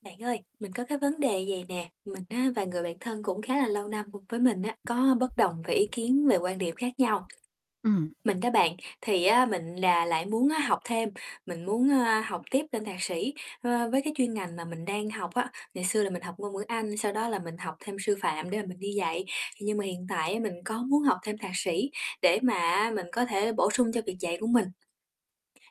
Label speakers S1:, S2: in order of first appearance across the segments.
S1: Bạn ơi, mình có cái vấn đề vậy nè, mình á và người bạn thân cũng khá là lâu năm cùng với mình á, có bất đồng về ý kiến, về quan điểm khác nhau.
S2: Ừm.
S1: Mình đó bạn, thì á mình là lại muốn á học thêm, mình muốn, a, học tiếp lên thạc sĩ, ơ, với cái chuyên ngành mà mình đang học á. Ngày xưa là mình học ngôn ngữ Anh, sau đó là mình học thêm sư phạm để mà mình đi dạy, thì nhưng mà hiện tại á mình có muốn học thêm thạc sĩ để mà á mình có thể bổ sung cho việc dạy của mình.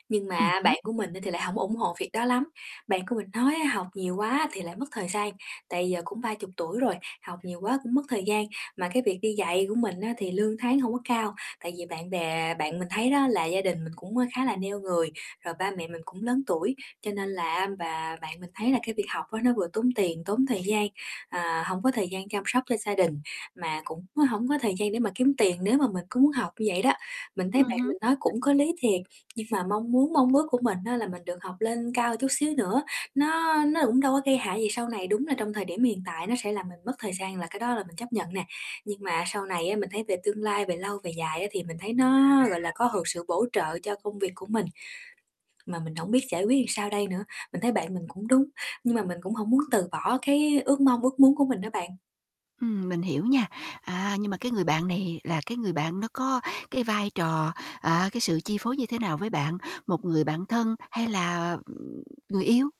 S1: Nhưng
S2: Ừm
S1: mà
S2: hứm.
S1: bạn của mình á thì lại hông ủng hộ việc đó lắm. Bạn của mình nói á học nhiều quá thì lại mất thời gian, tại giờ cũng 30 tuổi rồi, học nhiều quá cũng mất thời gian. Mà cái việc đi dạy của mình á, thì lương tháng hông có cao, tại vì bạn bè bạn mình thấy đó là gia đình mình cũng, ơ, khá là neo người, rồi ba mẹ mình cũng lớn tuổi, cho nên là á và bạn mình thấy là cái việc học á nó vừa tốn tiền, tốn thời gian, à, hổng có thời gian chăm sóc cho gia đình, mà cũng á hổng có thời gian để mà kiếm tiền nếu mà mình cứ muốn học như vậy đó. Mình thấy
S2: Ừm
S1: bạn
S2: hứm.
S1: mình nói cũng có lý thiệt, nhưng mà mong muốn mong ước của mình á là mình được học lên cao chút xíu nữa, nó nó cũng đâu có gây hại gì sau này. Đúng là trong thời điểm hiện tại nó sẽ làm mình mất thời gian là cái đó là mình chấp nhận nè, nhưng mà sau này á mình thấy về tương lai, về lâu về dài á thì mình thấy nó, gọi là, có được sự bổ trợ cho công việc của mình. Mà mình hổng biết giải quyết sao đây nữa, mình thấy bạn mình cũng đúng, nhưng mà mình cũng hổng muốn từ bỏ cái ước mong, ước muốn của mình á bạn.
S2: Ừm, mình hiểu nha. À, nhưng mà cái người bạn này là cái người bạn nó có cái vai trò, à, cái sự chi phối như thế nào với bạn? Một người bạn thân hay là, ừm, người yêu?